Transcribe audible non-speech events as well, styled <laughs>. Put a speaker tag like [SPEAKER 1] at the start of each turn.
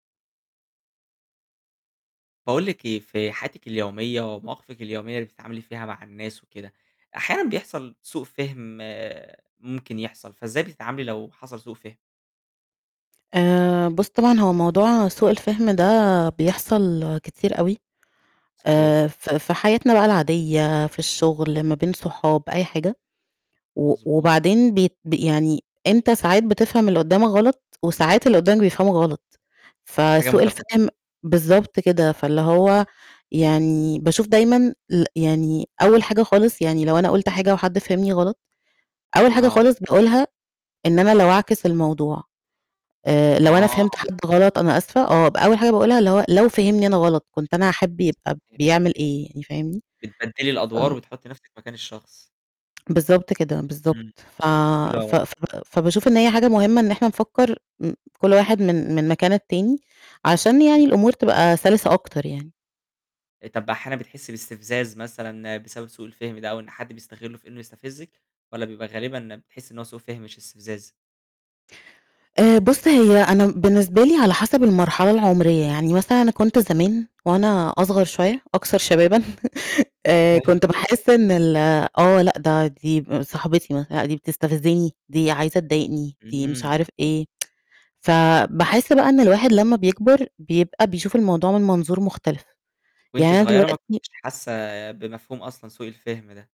[SPEAKER 1] باقول لِك إيه، في حياتِك اليومية، ومواقفِك اليومية اللي بتتعاملي فيها مع الناس وكده، أحيانًا بيحصل سوء فِهم ممكن يحصل، فإزاي بتتعاملي لو حصل سوء فِهم؟
[SPEAKER 2] آآ، بُصّ، طبعًا هو موضوع سوء الفِهم ده بيحصل كتير أوي،
[SPEAKER 1] صحيح.
[SPEAKER 2] آآ ف ف في حياتنا بقى العادية، في الشُّغل ما بين صحاب أي حاجة، و
[SPEAKER 1] مضبوط.
[SPEAKER 2] وبعدين بيت بي يعني أنت ساعات بتفهم اللي قُدّامك غلط، وساعات اللي قُدّامك بيفهمك غلط،
[SPEAKER 1] حاجة
[SPEAKER 2] فسوء
[SPEAKER 1] مُتبادلة.
[SPEAKER 2] الفِهم بالضبط كده، فاللي هو يعني باشوف دايمًا ال يعني أول حاجة خالص يعني لو أنا قُلت حاجة وحد فهمني غلط، أول حاجة
[SPEAKER 1] آه.
[SPEAKER 2] خالص باقولها إن أنا لو أعكس الموضوع، آآ، لو أنا فهمت
[SPEAKER 1] آه.
[SPEAKER 2] حد غلط أنا آسفة آه، ب أول حاجة باقولها اللي هو لو فهمني أنا غلط، كنت أنا هاحب يبقى
[SPEAKER 1] <unintelligible>
[SPEAKER 2] بيعمل إيه، يعني فاهمني؟
[SPEAKER 1] بتبدّلي
[SPEAKER 2] ف
[SPEAKER 1] الأدوار وتحُطّي نفسِك مكان الشخص.
[SPEAKER 2] بالضبط كده، بالضبط،
[SPEAKER 1] امم،
[SPEAKER 2] ف ف
[SPEAKER 1] <unintelligible>
[SPEAKER 2] ف فباشوف إن هي حاجة مُهمة، إن إحنا نفكّر م كُلّ واحد من من مكان التاني، عشان
[SPEAKER 1] امم.
[SPEAKER 2] يعني الأمور تبقى سلسة أكتر يعني.
[SPEAKER 1] طَب أحيانًا بتحِسّي باستفزاز مثلًا بسبب سوء الفهم ده، أو إن حد بيستغلُّه في إنه يستفزِّك؟ والَّا بيبقى غالبًا بتحِسّي إن هو سوء فِهم مش استفزاز؟
[SPEAKER 2] آآ، بُصّ، هي أنا بالنسبة لي على حسب المرحلة العُمرية، يعني مثلًا أنا كنت زمان وأنا أصغر شوية أكثر شبابًا، <laughs> آآ،
[SPEAKER 1] حلو.
[SPEAKER 2] كنت باحِسّ إن ال آه لأ، ده دي صاحبتي مثلًا لأ دي بتستفزني، دي عايزة تضايقني، دي مش
[SPEAKER 1] امم.
[SPEAKER 2] عارف إيه، <tsk> ف باحِسّ بقى إن الواحد لمّا بيكبر بيبقى بيشوف الموضوع من منظور مختلف،
[SPEAKER 1] وأنتِ
[SPEAKER 2] يعني أنا
[SPEAKER 1] صُغيرة ما
[SPEAKER 2] دلوقتي
[SPEAKER 1] كنتيش حاسّة بمفهوم أصلًا سوء الفِهم ده؟